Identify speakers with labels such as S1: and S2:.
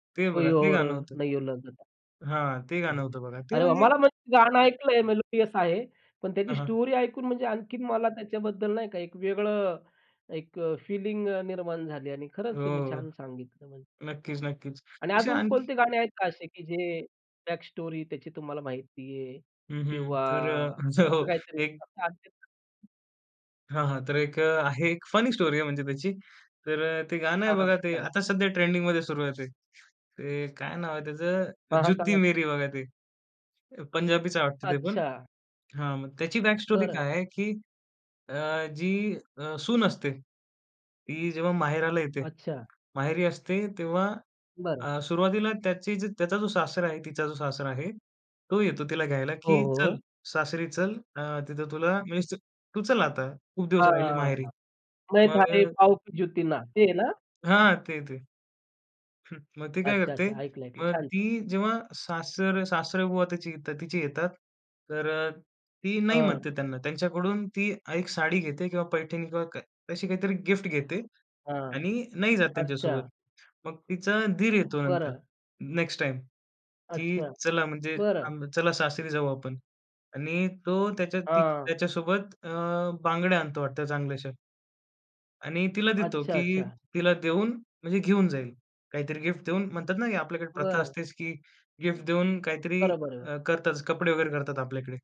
S1: ते
S2: कोई
S1: बघा, ते
S2: और
S1: गाणं होतं
S2: नयो लगदा!
S1: हां, ते
S2: हो,
S1: गाणं
S2: हो.
S1: होतं बघा, ते
S2: अरे वाह!
S1: म्हणजे
S2: मला म्हणजे गाणं ऐकलंय मेलोडियस आहे. पण त्याची
S1: हां, हां.
S2: स्टोरी ऐकून म्हणजे आणखीन मला त्याच्याबद्दल नाही का, एक वेगळं, एक अ, फीलिंग निर्माण झाली आणि खरंच
S1: हो,
S2: तुम्ही छान सांगितलं म्हणजे.
S1: नक्कीच, नक्कीच.
S2: आणि
S1: अशी
S2: अजून
S1: आणखी
S2: कोणते गाणे आहेत का असे, की जे बॅक स्टोरी त्याची तुम्हाला माहिती आहे
S1: हं, हं.
S2: किंवा
S1: तर अ,
S2: असं
S1: जो
S2: काहीतरी
S1: एक
S2: तस असेल तर [unintelligible]
S1: हां, हां. तर एक अ, आहे एक फनी स्टोरी आहे म्हणजे त्याची. तर अ, ते गाणं आहे
S2: हां, हां.
S1: बघा ते
S2: सांगा ना.
S1: आता सध्या ट्रेंडिंगमध्ये सुरु आहे. ते काय नाव आहे त्याचं,
S2: हां, हां.
S1: जुत्ती
S2: सांगा?
S1: मेरी बघा ते. पंजाबीच वाटत ते पण.
S2: अच्छा.
S1: हां, मग त्याची बॅक स्टोरी
S2: बरं.
S1: काय आहे, की अ, जी अ, सून असते, ती जेव्हा माहेराला येते.
S2: अच्छा.
S1: माहेरी असते तेव्हा
S2: बरं.
S1: अ, सुरुवातीला त्याची जी त्याचा जो सासरा आहे तिचा जो सासरा आहे. तो येतो तिला घ्यायला,
S2: हो,
S1: की
S2: हो,
S1: "चल,
S2: हो.
S1: सासरी चल, अ, तिथं तुला म्हणजे तू चल आता, खूप दिवस राहिली
S2: हां.
S1: माहेरी."
S2: मैं
S1: मग अ
S2: थारी पाव की ज्युती ना, ते आहे ना?
S1: हां, ते-ते. हं, मग ती काय करते?
S2: अच्छा-अच्छा. ऐकलं-ऐकलं.
S1: मग ती
S2: छान-छान.
S1: जेव्हा सासर सासरेबुवा त्याच्या इथे येतात, तिची येतात. तर ती नाही
S2: हां.
S1: म्हणते त्यांना. त्यांच्याकडून ती एक साडी घेते किंवा पैठणी किंवा काय तशी काहीतरी गिफ्ट घेते
S2: हां,
S1: आणि नाही जात त्यांच्यासोबत.
S2: अच्छा.
S1: मग तिचा दीर येतो नंतर
S2: बरं.
S1: नेक्स्ट टाईम, की
S2: अच्छा,
S1: "चला म्हणजे
S2: बरं.
S1: आम चला सासरी जाऊ आपण" आणि तो त्याच्या ती
S2: हां.
S1: त्याच्यासोबत अ, बांगड्या आणतो वाटत चांगल्याशा. आणि तिला देतो, की
S2: अच्छा-अच्छा.
S1: तिला देऊन म्हणजे घेऊन जाईल. काहीतरी गिफ्ट देऊन म्हणतात ना, आपल्याकडे प्रथा
S2: बरं.
S1: असतेच, की गिफ्ट देऊन काहीतरी
S2: बरोबर आहे हो.
S1: अ, करतातच कपडे वगैरे करतात आपल्याकडे.